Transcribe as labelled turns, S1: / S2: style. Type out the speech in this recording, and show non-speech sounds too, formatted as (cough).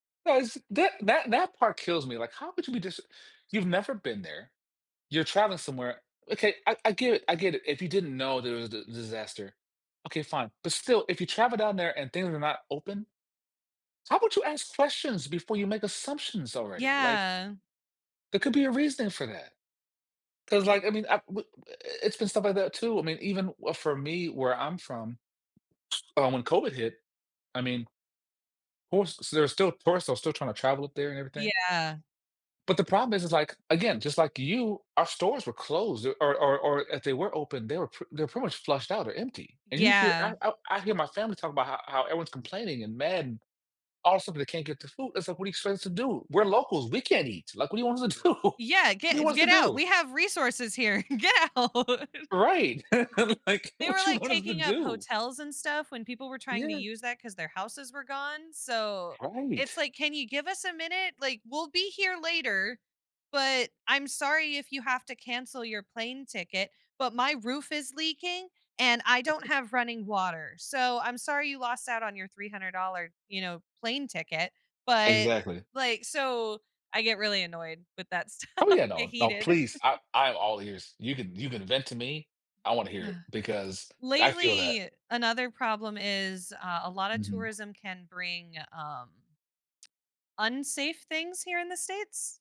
S1: No, is that that that part kills me, like, how could you be just you've never been there, you're traveling somewhere okay, I I get it I get it. If you didn't know there was d disaster. Okay, fine, but still, if you travel down there and things are not open, how about you ask questions before you make assumptions already, like
S2: Yeah.
S1: there could be a reason for that. 'Cause
S2: Y
S1: like, I mean, I w i i it's been stuff like that too. I mean, even for me where I'm from, um, when COVID hit, I mean Oh s so there's still tourists are still trying to travel up there and everything?
S2: Yeah.
S1: But the problem is, is, like, again, just like you, our stores were closed or or or if they were open, they were p they're pretty much flushed out or empty, and you hear,
S2: Yeah.
S1: I I I hear my family talking about how how everyone's complaining and mad and all of a sudden they can't get the food. It's like, what do you expect us to do? We're locals, we can't eat, like, what do you want us to do?
S2: Yeah,
S1: What do you
S2: get
S1: want us to
S2: get out.
S1: do?
S2: We have resources here get out.
S1: Right. (chuckles) Like,
S2: They were,
S1: what you
S2: like,
S1: want us to
S2: taking up
S1: do?
S2: hotels and stuff when people were trying to
S1: Yeah.
S2: use that 'cause their houses were gone, so it's
S1: Right.
S2: like, can you give us a minute? Like, we'll be here later, but I'm sorry if you have to cancel your plane ticket, but my roof is leaking and I don't
S1: (unintelligible)
S2: have running water, so I'm sorry you lost out on your $300, you know, plane ticket, but,
S1: Exactly.
S2: like, so I get really annoyed with that stuff,
S1: Oh yeah,
S2: get
S1: no, no,
S2: heated.
S1: please, I I am all ears. You can you can vent to me. I wanna hear it
S2: (sighs)
S1: because I feel that.
S2: Lately, another problem is, uh, a lot of
S1: Mhm.
S2: tourism can bring, um unsafe things here in the states.